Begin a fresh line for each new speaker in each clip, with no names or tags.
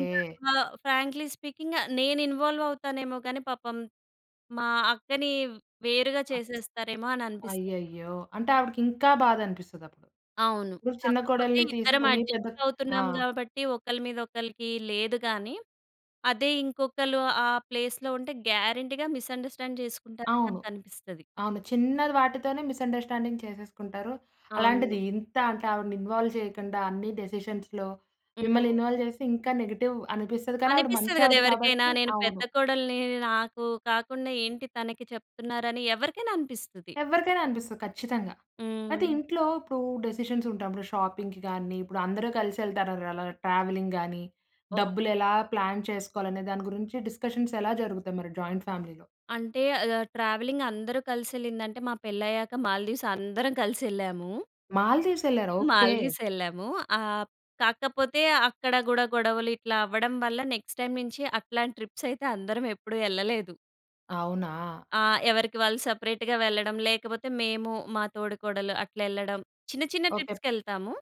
ఇంకా ఆహ్, frankly speaking ఆహ్, నేనిన్‌వాల్వవుతానేమో గానీ, పాపం మా అక్కని వేరుగా
ఆప్స్
చేసేస్తారేమో అని అనిపిస్తది నాకు.
అయ్యయ్యో! అంటే, ఆవిడకింకా బాధనిపిస్తదప్పుడు.
అవును.
ఇప్పుడు చిన్న
కాకపోతే
కోడల్ని
ఇద్దరం
తీసుకొని పెద్దక్ ఆ!
అడ్జస్టవుతున్నాం గాబట్టి, ఒకళ్ళ మీద ఒకళ్ళకి లేదు గానీ. అదే ఇంకొకళ్ళు ఆ ప్లేస్‌లో ఉంటే, గ్యారంటీగా మిస్‌‌అండర్‌స్టాండ్ చేసుకుంటారని
అవును.
నాకనిపిస్తది.
ఆమె చిన్నది వాటితోనే మిస్‌అండర్‌స్టాండింగ్ చేసేసుకుంటారు.
అవును.
అలాంటిది ఇంతా అంటా ఆవిడని ఇన్వాల్వ్ చెయ్యకండా అన్నీ డెసిషన్స్‌లో
హ్మ్.
మిమ్మల్నిన్‌వాల్వ్ చేస్తే ఇంకా నెగెటివ్ అనిపిస్తది, కానీ ఆవిడ
అనిపిస్తది
మంచావిడ
గదెవరికైనా.
కాబట్టీ
నేను పెద్ద
అవును.
కోడల్నీ. నాకూ కాకుండా ఏంటి తనకి చెప్తున్నారని ఎవరికైన అనిపిస్తది.
ఎవ్వరికైనా అనిపిస్తది ఖచ్చితంగా. అయితే,
హ్మ్.
ఇంట్లో ఇప్పుడూ డెసిషన్సుంటాం. ర షాపింగ్‌కి గానీ, ఇప్పుడు అందరూ కలిసెళ్తారారలా ట్రావెలింగ్ గానీ,
ఓహ్!
డబ్బులు ఎలా ప్లాన్ చేసుకోవాలనే దాని గురించి డిస్కషన్సెలా జరుగుతాయి మరి జాయింట్ ఫ్యామిలీలో?
అంటే, అది ఆహ్, ట్రావెలింగ్ అందరూ కలిసెళ్ళిందంటే, మా పెళ్ళయ్యాక మాల్దీవ్స్ అందరం కలిసెళ్ళాము.
మాల్దీవ్సెళ్ళారా? ఓకే.
మాల్దీవ్సెళ్ళాము. ఆహ్, కాకపోతే అక్కడ గూడా గొడవలు ఇట్లా అవ్వడం వల్ల నెక్స్ట్ టైమ్ నించి అట్లాం ట్రిప్సయితే అందరం ఎప్పుడు యెళ్ళలేదు.
అవునా!
ఆ! ఎవరికి వాళ్ళు సపరేట్‌గా వెళ్ళడం, లేకపోతే మేము మా తోడుకోడలు అట్లెళ్ళడం. చిన్న, చిన్న
ఓకే.
ట్రిప్స్‌కెళ్తాము,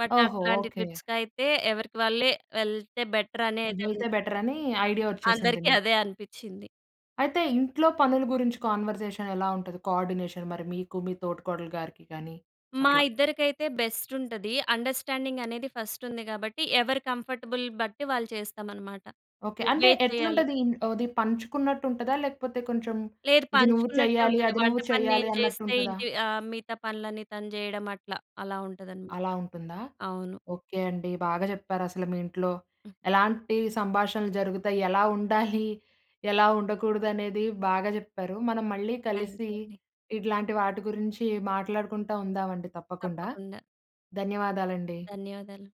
బట్
ఓహో!
అట్లాంటి
ఓకే.
ట్రిప్స్‌కైతే ఎవరికి వాళ్ళే వెళ్తే బెటరనేదన్
వెళ్తే బెటరనీ ఐడియా ఒచ్చేసింది
అందరికి
మీకు.
అదే అనిపిచ్చింది.
అయితే, ఇంట్లో పనులు గురించి కాన్వర్‌జేషనెలా ఉంటది, కోఆర్‌డినేషన్ మరి మీకు, మీ తోటికోడలు గారికి గానీ
మా
అట్లా?
ఇద్దరికైతే బెస్టుంటది. అండర్‌స్టాం‌డింగనేది ఫస్టుంది గాబట్టి, ఎవరి కంఫర్టబుల్ బట్టి వాళ్ళు చేస్తామనమాట.
ఓకే. అంటే,
నువ్వే చెయ్యాలి
ఎట్లుంటదీన్ అది పంచుకున్నట్టుంటదా, లేకపోతే కొంచం
లేదు.
ఇది నువ్వు
పంచుకున్నట్టే
చెయ్యాలి,
ఉంటది.
అది
వంట
నువ్వు
పని
చెయ్యాలి
నేను చేస్తే
అన్నట్టుంటదా?
ఇంటి అహ్, మిగతా పనులన్నీ తను జెయడం అట్లా. అలా ఉంటదనమాట.
అలా ఉంటుందా?
అవును.
ఓకే అండి. బాగా చెప్పారసలు మీ ఇంట్లో
హ్మ్.
ఎలాంటి సంభాషణలు జరుగుతయి, ఎలా ఉండాలి, ఎలా ఉండకూడదనేది బాగా జెప్పారు. మనం మళ్ళీ కలిసీ
థాంక్యూ అండి.
ఇట్లాంటి వాటి గురించి మాట్లాడుకుంటా ఉందామండి తప్పకుండా.
తప్పకుండా.
ధన్యవాదాలండి.
ధన్యవాదాలు.